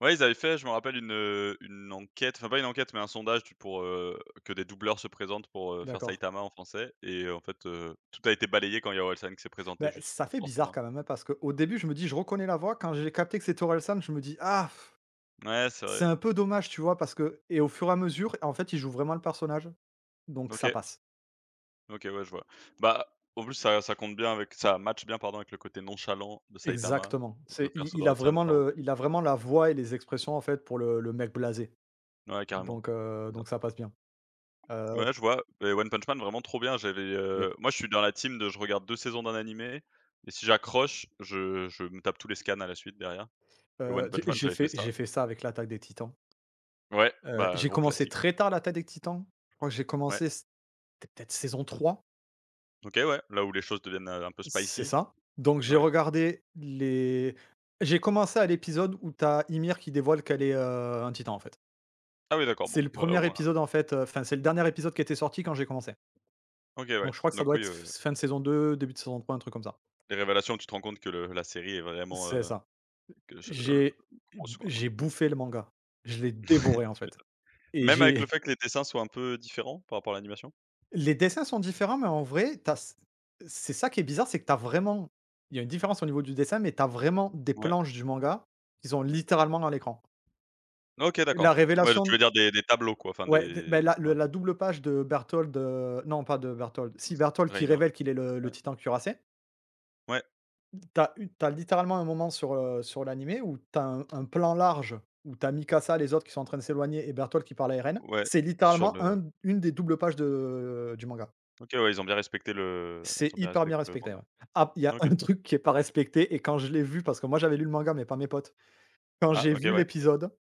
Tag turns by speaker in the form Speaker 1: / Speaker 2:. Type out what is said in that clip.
Speaker 1: Ouais, ils avaient fait, je me rappelle, une, heu, une enquête, enfin, pas une enquête mais un sondage, tu pour, heu, que des doubleurs se présentent pour, heu, faire
Speaker 2: D'accord.
Speaker 1: Saitama en français et en fait, heu, tout a été balayé quand il y a Orelsan qui s'est présenté
Speaker 2: Ben,
Speaker 1: juste
Speaker 2: ça
Speaker 1: pour
Speaker 2: fait bizarre
Speaker 1: forcément
Speaker 2: quand même, hein, parce qu'au début, je me dis: «Je reconnais la voix» quand j'ai capté que c'était Orelsan, je me dis: «Ah
Speaker 1: Ouais, c'est
Speaker 2: c'est
Speaker 1: vrai.
Speaker 2: un peu dommage», tu vois? Parce que, et au fur et à mesure, en fait, il joue vraiment le personnage, donc ça
Speaker 1: OK.
Speaker 2: passe.
Speaker 1: OK. Ouais, je vois. Bah, en plus, ça ça compte bien avec ça matche bien, pardon, avec le côté nonchalant de Saitama,
Speaker 2: Exactement,
Speaker 1: le
Speaker 2: c'est
Speaker 1: le
Speaker 2: il
Speaker 1: perso
Speaker 2: il a
Speaker 1: d'Orelsan,
Speaker 2: vraiment
Speaker 1: ça re
Speaker 2: le il a vraiment la voix et les expressions, en fait, pour le le mec blasé.
Speaker 1: Ouais, carrément.
Speaker 2: Donc heu,
Speaker 1: Bizarre.
Speaker 2: donc ça passe bien. Heu
Speaker 1: Ouais, je vois, mais One Punch Man, vraiment trop bien. J'avais, heu,
Speaker 2: Yep.
Speaker 1: moi, je suis dans la team de je regarde 2 saisons d'un animé et si j'accroche, je je me tape tous les scans à la suite, derrière et
Speaker 2: Heu,
Speaker 1: One
Speaker 2: tu
Speaker 1: Punch Man,
Speaker 2: j'ai
Speaker 1: j'avais fait
Speaker 2: fait
Speaker 1: ça.
Speaker 2: j'ai fait ça avec l'Attaque des Titans
Speaker 1: Ouais,
Speaker 2: heu,
Speaker 1: bah,
Speaker 2: j'ai
Speaker 1: gros
Speaker 2: commencé
Speaker 1: classique.
Speaker 2: très tard l'Attaque des Titans, je crois que j'ai
Speaker 1: Ouais.
Speaker 2: commencé, c'était peut-être saison 3.
Speaker 1: OK. Ouais, là où les choses deviennent, heu, un peu
Speaker 2: C'est
Speaker 1: spicy.
Speaker 2: ça. Donc
Speaker 1: N
Speaker 2: j'ai
Speaker 1: ouais.
Speaker 2: regardé les j'ai commencé à l'épisode où tu as Ymir qui dévoile qu'elle est, heu, un titan, en fait.
Speaker 1: Ah ouais, d'accord, bon.
Speaker 2: C'est le
Speaker 1: Bah, au
Speaker 2: 1er
Speaker 1: moins
Speaker 2: épisode, en fait, heu, enfin c'est le dernier épisode qui était sorti quand j'ai commencé
Speaker 1: OK.
Speaker 2: donc
Speaker 1: Ouais,
Speaker 2: je crois que ça
Speaker 1: donc
Speaker 2: doit
Speaker 1: oui,
Speaker 2: être
Speaker 1: heu
Speaker 2: f s fin de saison 2, début de saison 3, un truc comme ça.
Speaker 1: Les révélations, tu te rends compte que le la série est vraiment,
Speaker 2: C'est
Speaker 1: heu,
Speaker 2: ça.
Speaker 1: que je l, [unintelligible]
Speaker 2: J'ai b
Speaker 1: ouais.
Speaker 2: j'ai bouffé le manga, je l'ai dévoré, en
Speaker 1: Tu
Speaker 2: fait.
Speaker 1: m'étonnes.
Speaker 2: Et
Speaker 1: Même avec
Speaker 2: j'ai
Speaker 1: le fait que les dessins soient un peu différents par rapport à l'animation?
Speaker 2: Les dessins sont différents mais en vrai, tu as c c'est ça qui est bizarre, c'est que tu as vraiment il y a une différence au niveau du dessin mais tu as vraiment des
Speaker 1: Ouais.
Speaker 2: planches du manga qu'ils ont littéralement dans l'écran.
Speaker 1: OK,
Speaker 2: La
Speaker 1: d'accord. Ouais, de, tu
Speaker 2: révélation
Speaker 1: veux dire, des des tableaux, quoi, enfin,
Speaker 2: Ouais, de beh,
Speaker 1: des
Speaker 2: la le
Speaker 1: ouais.
Speaker 2: la double page de Bertholdt, heu, non pas de Bertholdt,
Speaker 1: Heu,
Speaker 2: si
Speaker 1: c
Speaker 2: Bertholdt qui
Speaker 1: Reina.
Speaker 2: révèle qu'il est le le
Speaker 1: Ouais.
Speaker 2: Titan Cuirassé
Speaker 1: Ouais.
Speaker 2: tu as u tu as, littéralement, un moment sur, heu, sur l'animé où tu as un un plan large où tu as Mikasa, les autres qui sont en train de s'éloigner et Bertholdt qui parle à Eren.
Speaker 1: Ouais,
Speaker 2: C'est
Speaker 1: sur
Speaker 2: littéralement
Speaker 1: le
Speaker 2: 1 d 1 des doubles pages de du manga
Speaker 1: OK, ouais, ils ont bien respecté le
Speaker 2: c'est
Speaker 1: ils ont bien
Speaker 2: hyper bien
Speaker 1: respecté le
Speaker 2: respecté,
Speaker 1: manga.
Speaker 2: ouais. Ah p il y a un
Speaker 1: OK.
Speaker 2: truc qui est pas respecté et quand je l'ai vu, parce que moi, j'avais lu le manga, mais pas mes potes, quand
Speaker 1: Ah
Speaker 2: j'ai
Speaker 1: OK,
Speaker 2: vu
Speaker 1: ouais.
Speaker 2: l'épisode